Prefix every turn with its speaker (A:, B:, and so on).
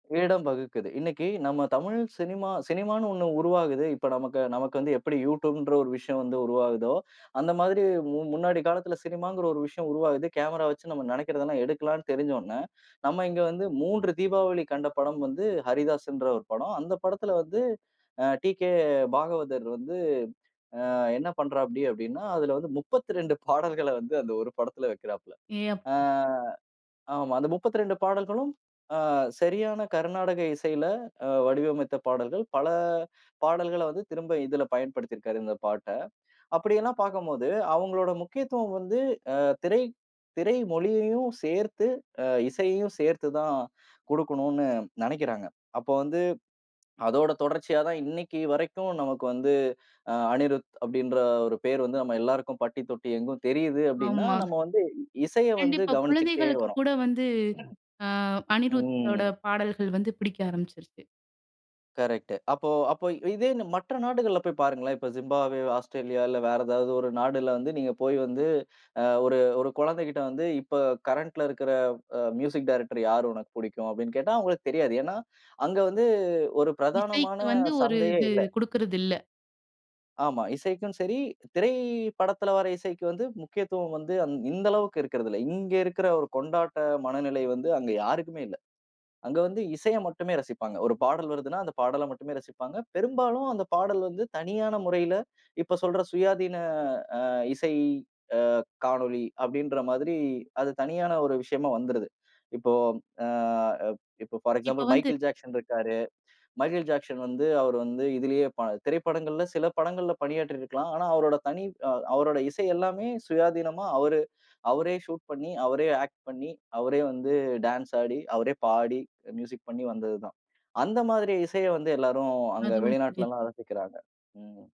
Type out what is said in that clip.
A: இடம் வகுக்குது. இன்னைக்கு நம்ம தமிழ் சினிமா சினிமான்னு ஒண்ணு உருவாகுது. இப்ப நமக்கு நமக்கு வந்து எப்டி யுட்யூப்ன்ற ஒரு விஷயம் வந்து உருவாகுதோ, அந்த மாதிரி முன் முன்னாடி காலத்துல சினிமாங்கிற ஒரு விஷயம் உருவாகுது. கேமராவச்சு நம்ம நெனைக்கிறதலாம் எடுக்கலாம்னு தெரிஞ்சோன, நம்ம இங்க வந்து 3 தீபாவளி கண்ட படம் வந்து ஹரிதாஸ்ன்ற ஒரு படம். அ, அந்தப் படத்துல வந்து அ டீகே பாகவதர் வந்து, அ என்ன பண்றாப்படி அப்டின்னா, அதுல வந்து 32 பாடல்கள வந்து அந்த 1 படத்துல வைக்கிறாப்புள்ள.
B: ஏ
A: அ
B: அப்பா!
A: ஆமா, அந்த 32 பாடல்களும் ஆ சரியான கருநாடக இசையில அ வடிவமைத்த பாடல்கள். பல பாடல்கள வந்து திரும்ப இதில பயன்படுத்திருக்காரு இந்த பாட்ட. அப்டியேல்லாம் பார்க்கும்போது அவங்களோட முக்கியத்துவம் வந்து, அ திரை திரை மொழியையும் சேர்த்து, அ இசையையும் சேர்த்துதான் குடுக்கணுன்னு நெனைக்கிறாங்க. அப்போ வந்து அதோட தொடர்ச்சியா தான் இன்னைக்கு வரைக்கும் நமக்கு வந்து, அ அனிருத் அப்டின்ற ஒரு பேரு வந்து நம்ம எல்லாருக்கும் பட்டி தொட்டி எங்கும் தெரியுது அப்டின்னா,
B: ஆமா.
A: நம்ம வந்து இசைய வந்து
B: கண்டிப்பா
A: கவனிச்சுக்கிட்டே
B: குழந்தைகளுக்குக்
A: வரோம்.
B: கூட வந்து அ அனிருத்தோட
A: ம்.
B: பாடல்கள் வந்து பிடிக்க ஆரம்பிச்சிருச்சு.
A: கரெக்ட்டு. அப்போ அப்போ இதே மற்ற நாடுகள்ல போய்ப் பாருங்களேன். இப்போ ஜிம்பாப்வே, ஆஸ்திரேலியா இல்ல வேற ஏதாவது ஒரு நாடுல வந்து நீங்கப் போய் வந்து அ ஒரு ஒரு குழந்தைகிட்ட வந்து இப்ப கரண்ட்ல இருக்குற அ மியூசிக் டைரக்டர் யாரு உனக்கு புடிக்கும் அப்டின்னு கேட்டா, அவுங்களுக்குத் தெரியாது. ஏன்னா அங்க வந்து ஒரு பிரதானமான
B: இசைக்கு வந்து ஒரு
A: சந்தையே
B: இது
A: இல்ல.
B: குடுக்கிறது இல்ல.
A: ஆமா இசைக்கும் சரி, திரைப்படத்துல வர இசைக்கு வந்து முக்கியத்துவம் வந்து இந்த அளவுக்கு இருக்கிறது இல்ல. இங்க இருக்கிற ஒரு கொண்டாட்ட மனநிலை வந்து அங்க யாருக்குமே இல்ல. அங்க வந்து இசைய மட்டுமே ரசிப்பாங்க. ஒரு பாடல் வருதுன்னா அந்தப் பாடல மட்டுமே ரசிப்பாங்க. பெரும்பாலும் அந்தப் பாடல் வந்து தனியான முறையில இப்ப சொல்ற சுயாதீன அ இசை அ காணொளி அப்டின்ற மாதிரி அது தனியான ஒரு விஷயமா வந்துருது. இப்போ அ இப்போ பார்
B: இப்ப
A: எக்சாம்பில்
B: வந்து
A: மைகேல் ஜாக்சன் இருக்காரு. மைகேல் ஜாக்சன் வந்து அவரு வந்து இதிலேயே ப திரைப்படங்கள்ல சில படங்களில்ல பணியாற்றி இருக்கலாம். ஆனா அவரோட தனி அ அவரோட இசை எல்லாமே சுயாதீனமா அவரு அவரே சூட் பண்ணி, அவரே ஆக்ட் பண்ணி, அவரே வந்து டான்ஸ் ஆடி, அவரே பாடி, மியூசிக் பண்ணி வந்தது தான். அந்த மாதிரி இசையை வந்து எல்லாரும் அங்க
B: அது ஓ [unintelligible]
A: வெளிநாட்டுலலாம் ரசிக்கிறாங்க, ம்.